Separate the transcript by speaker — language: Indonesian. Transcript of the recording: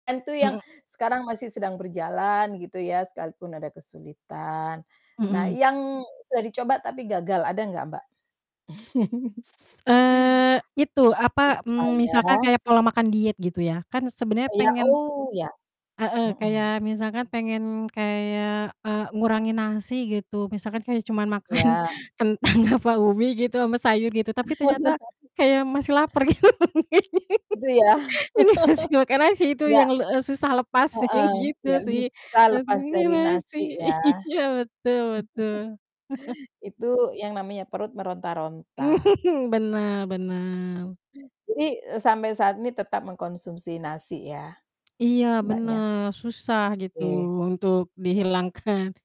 Speaker 1: Itu yang,
Speaker 2: Mhm.
Speaker 1: sekarang masih sedang berjalan gitu ya sekalipun ada kesulitan, nah
Speaker 2: Mhm.
Speaker 1: yang sudah dicoba tapi gagal ada nggak Mbak?
Speaker 2: S eee, itu apa,
Speaker 1: Apa
Speaker 2: eee,
Speaker 1: ya.
Speaker 2: misalkan kayak pola makan diet gitu ya, kan sebenernya
Speaker 1: Iya
Speaker 2: pengen
Speaker 1: oh ya,
Speaker 2: heeh,
Speaker 1: mhm.
Speaker 2: kayak misalkan pengen kayak, eee, ngurangin nasi gitu misalkan kayak cuman makan
Speaker 1: Iya.
Speaker 2: kentang apa ubi gitu ama sayur gitu tapi ternyata, kayak masih lapar gitu.
Speaker 1: Gitu ya,
Speaker 2: Ini masih makan nasi itu
Speaker 1: iya.
Speaker 2: yang, eee, susah lepas
Speaker 1: Heeh,
Speaker 2: gitu
Speaker 1: gak
Speaker 2: sih.
Speaker 1: bisa lepas
Speaker 2: Gantinya
Speaker 1: dari
Speaker 2: nasi
Speaker 1: nasi ya,
Speaker 2: iya betul betul.
Speaker 1: itu yang namanya perut meronta-ronta.
Speaker 2: Bener bener.
Speaker 1: Jadi, eee, sampai saat ini tetap mengkonsumsi nasi ya?
Speaker 2: Iya
Speaker 1: Mbaknya.
Speaker 2: bener susah gitu
Speaker 1: Oke, benar
Speaker 2: untuk
Speaker 1: benar.
Speaker 2: dihilangkan.